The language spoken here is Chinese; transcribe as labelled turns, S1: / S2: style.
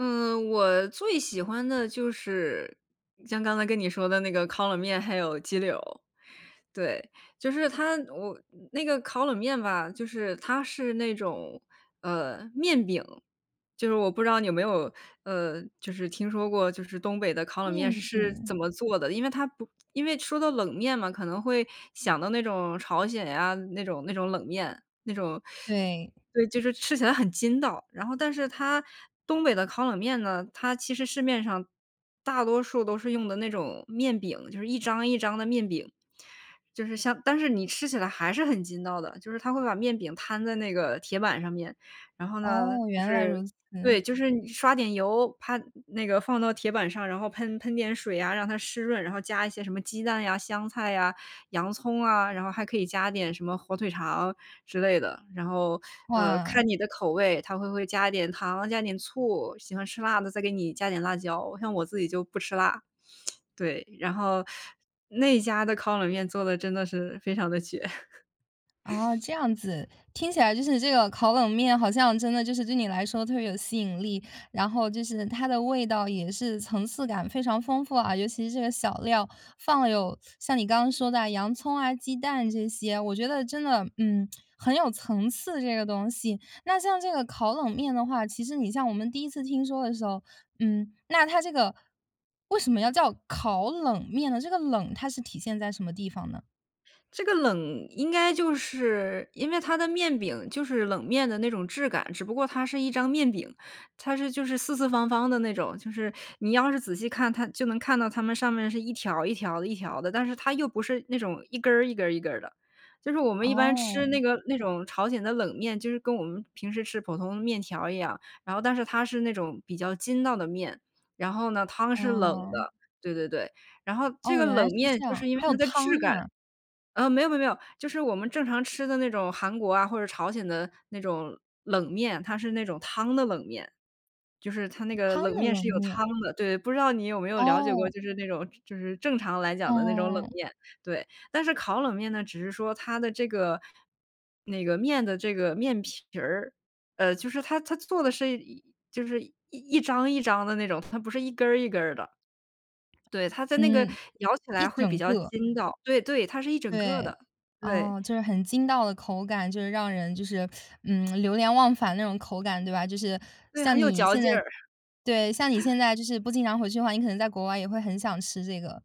S1: 嗯，我最喜欢的就是像刚才跟你说的那个烤冷面，还有鸡柳儿。对，就是它我那个烤冷面吧，就是它是那种，呃，面饼。就是我不知道你有没有，呃，就是听说过就是东北的烤冷面是
S2: 面
S1: 是怎
S2: 饼。
S1: 么做的，因为它不因为说到冷面嘛，可能会想到那种朝鲜呀那种那种冷面。那种
S2: 对。
S1: 对，就是吃起来很筋道。然后但是它东北的烤冷面呢，它其实市面上大多数都是用的那种面饼，就是一张一张的面饼。就是像但是你吃起来还是很筋道的，就是他会把面饼摊在那个铁板上面，然后呢，
S2: 哦，
S1: 就
S2: 原来
S1: 是
S2: 如此。
S1: 对，就是你刷点油，啪，那个放到铁板上，然后喷喷点水啊，让它湿润，然后加一些什么鸡蛋呀、香菜呀、洋葱啊，然后还可以加点什么火腿肠之类的。然后，呃，
S2: 哇。
S1: 看你的口味，他会会加一点糖，加一点醋，喜欢吃辣的，再给你加点辣椒，像我自己就不吃辣。对，然后那家的烤冷面做得真的是非常地绝。
S2: 哦，这样子，听起来就是这个烤冷面好像真的就是对你来说特别有吸引力，然后就是它的味道也是层次感非常丰富啊，尤其是这个小料，放了有像你刚刚说的洋葱啊，鸡蛋这些，我觉得真的，嗯，很有层次这个东西。那像这个烤冷面的话，其实你像我们第一次听说的时候，嗯，那它这个为什么要叫烤冷面呢？这个冷它是体现在什么地方呢？
S1: 这个冷应该就是因为它的面饼就是冷面的那种质感，只不过它是一张面饼，它是就是四四方方的那种，就是你要是仔细看，它就能看到它们上面是一条一条的一条的，但是它又不是那种一根儿一根儿一根儿的。就是我们一般吃那
S2: 哦。
S1: 个那种朝鲜的冷面，就是跟我们平时吃普通面条一样，然后但是它是那种比较筋道的面，然后呢，汤是冷
S2: 嗯。
S1: 的，对对对。然后这
S2: 哦，
S1: 个
S2: 原
S1: 冷
S2: 来是
S1: 面
S2: 这
S1: 就
S2: 样，
S1: 是因为
S2: 还有
S1: 它的
S2: 汤
S1: 质感
S2: 啊。
S1: 嗯，没有没有没有，就是我们正常吃的那种韩国啊或者朝鲜的那种冷面，它是那种汤的冷面，就是它那个
S2: 汤
S1: 冷
S2: 的
S1: 面是
S2: 冷
S1: 有
S2: 面。
S1: 汤的，对，不知道你有没有了解过，
S2: 哦。
S1: 就是那种就是正常来讲的那种冷
S2: 嗯。
S1: 面，对。但是烤冷面呢，只是说它的这个那个面的这个面皮儿，呃，就是它它做的是一就是一张一张的那种，它不是一根儿一根儿的。对，它在那个
S2: 嗯，
S1: 咬起
S2: 一
S1: 来会比
S2: 整
S1: 较
S2: 个。
S1: 筋道，对对，它是一整个
S2: 对。
S1: 的，对。
S2: 哦，就是很筋道的口感，就是让人就是，嗯，流连忘返的那种口感，对吧？就是
S1: 对，很
S2: 像
S1: 有
S2: 你
S1: 嚼
S2: 现
S1: 劲
S2: 在
S1: 儿。
S2: 对，像你现在就是不经常回去的话，你可能在国外也会很想吃这个。